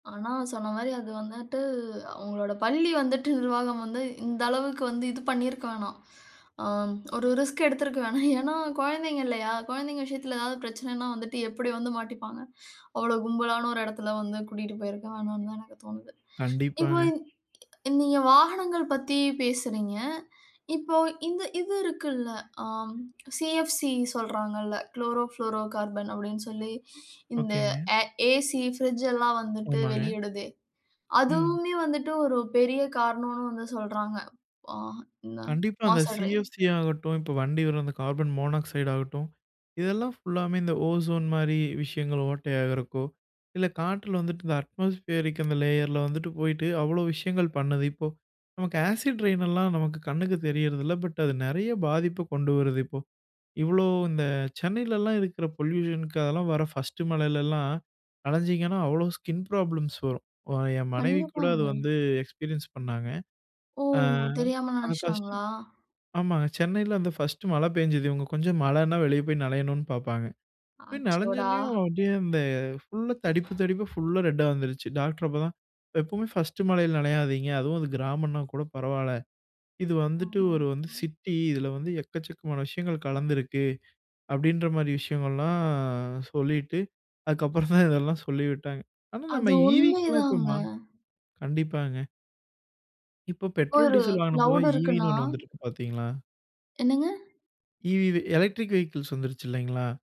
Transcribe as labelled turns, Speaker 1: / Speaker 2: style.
Speaker 1: ஆனா, சொன்ன மாரி அது வந்துட்டு அவங்களோட பள்ளி வந்துட்டு நிர்வாகம் வந்து இந்த அளவுக்கு வந்து இது பண்ணியிருக்க வேணாம். அ ஒரு ரிஸ்க் எடுத்திருக்க வேணாம். ஏனா, குழந்தைங்க இல்லையா. குழந்தைங்க விஷயத்தில ஏதாவது பிரச்சனைனா வந்துட்டு எப்டி வந்து மாட்டிப்பாங்க? அவ்ளோ கும்பலான ஒரு இடத்துல வந்து கூட்டிட்டு போயிருக்க வேணாம்னு தான் எனக்கு தோணுது. இப்போ
Speaker 2: கண்டிப்பாங்க
Speaker 1: நீங்க வாகனங்கள் பத்தி பேசுறீங்க. இப்போ இந்த இது இருக்குல்ல. ஆ சிஎப்சி சொல்றாங்கல்ல. குளோரோ புளோரோ கார்பன் அப்டின்னு சொல்லி இந்த
Speaker 2: ஒகேங்க.
Speaker 1: ஆ ஏசி, ஃபிரிட்ஜ் எல்லாம் வந்துட்டு
Speaker 2: ஆமாங்க.
Speaker 1: வெளியிடுதே.
Speaker 2: ம்.
Speaker 1: அதுவுமே வந்துட்டு ஒரு பெரிய காரணம்ன்னு வந்து சொல்றாங்க. ஆ இந்த
Speaker 2: கண்டிப்பா, அந்த
Speaker 1: மாச டிரை.
Speaker 2: சிஎஃப்சி ஆகட்டும், இப்போ வண்டி வரும் அந்த கார்பன் மோனாக்சைடு ஆகட்டும், இதெல்லாம் ஃபுல்லாமே இந்த ஓசோன் மாரி விஷயங்கள் ஓட்டையாகிறக்கோ, இல்ல காற்றுல வந்துட்டு இந்த அட்மாஸ்பியரிருக் அந்த லேயர்ல வந்துட்டு போயிட்டு அவ்ளோ விஷயங்கள் பண்ணுது. இப்போ நமக்கு ஆசிட் ரெயின்லாம் நமக்கு கண்ணுக்கு தெரியிறது இல்ல. பட் அது நெறைய பாதிப்பு கொண்டு வருது இப்போ. இவ்ளோ இந்த சென்னையிலலாம் இருக்க்கூற பொல்யூஷனுக்கு அதெல்லாம் வர ஃபர்ஸ்ட்டு மழையிலலாம் அலைஞ்சிங்கன்னா அவ்ளோ ஸ்கின் ப்ராப்ளம்ஸ் வரும். ஒ என் மனைவி கூட
Speaker 1: கண்டிப்பாங்க.
Speaker 2: அது வந்து எக்ஸ்பீரியன்ஸ் பண்ணாங்க.
Speaker 1: ஓ!
Speaker 2: ஆ
Speaker 1: தெரியாம
Speaker 2: அந்த ஃபர்ஸ்ட்டு
Speaker 1: நெனைச்சுட்டாங்களா?
Speaker 2: ஆமாங்க சென்னையில அந்த ஃபர்ஸ்ட்டு மழை பெஞ்சது இவங்க கொஞ்சம் மழைனா வெளிய போய் நையணும்னு பார்ப்பாங்க. போய்
Speaker 1: ஆச்சோடா!
Speaker 2: நனஞ்சோன்னேயும் அப்டியே அந்த ஃபுல்லா தடிப்பு தடிப்பா ஃபுல்லா ரெட்டா வந்துருச்சு. டாக்டர் அப்ப தான் எப்போவுமே ஃபர்ஸ்ட்டு மழையில நனையாதீங்க. அதுவும் அது கிராமம்னா கூட பரவால்ல இது வந்துட்டு
Speaker 1: ம்ஹ்ம்.
Speaker 2: ஒரு வந்து சிட்டி இதில வந்து எக்கச்சக்கமான விஷயங்கள் கலந்திருக்கு. அப்டின்ற மாரி விஷயங்கள்லாம் சொல்லிட்டு அதுக்கப்புறம் தான் இதெல்லாம் சொல்லி விட்டாங்க. ஆனா, நம்ம
Speaker 1: அது
Speaker 2: ஈவிக்கெல்லாம் இப்போமா
Speaker 1: உண்மைதாங்க.
Speaker 2: கண்டிப்பாங்க. இப்ப
Speaker 1: இப்போ
Speaker 2: பெட்ரோல்
Speaker 1: ஒரு
Speaker 2: டீசல் வாங்குனப்போ
Speaker 1: கிளவுடு
Speaker 2: ஈவின்னு
Speaker 1: இருக்குன்னா.
Speaker 2: ஒண்ணு வந்துருக்கு பார்த்தீங்களா?
Speaker 1: என்னங்க?
Speaker 2: ஈவிவி எலக்ட்ரிக் வெஹிக்கிள்ஸ் வந்துருச்சு இல்லைங்களா?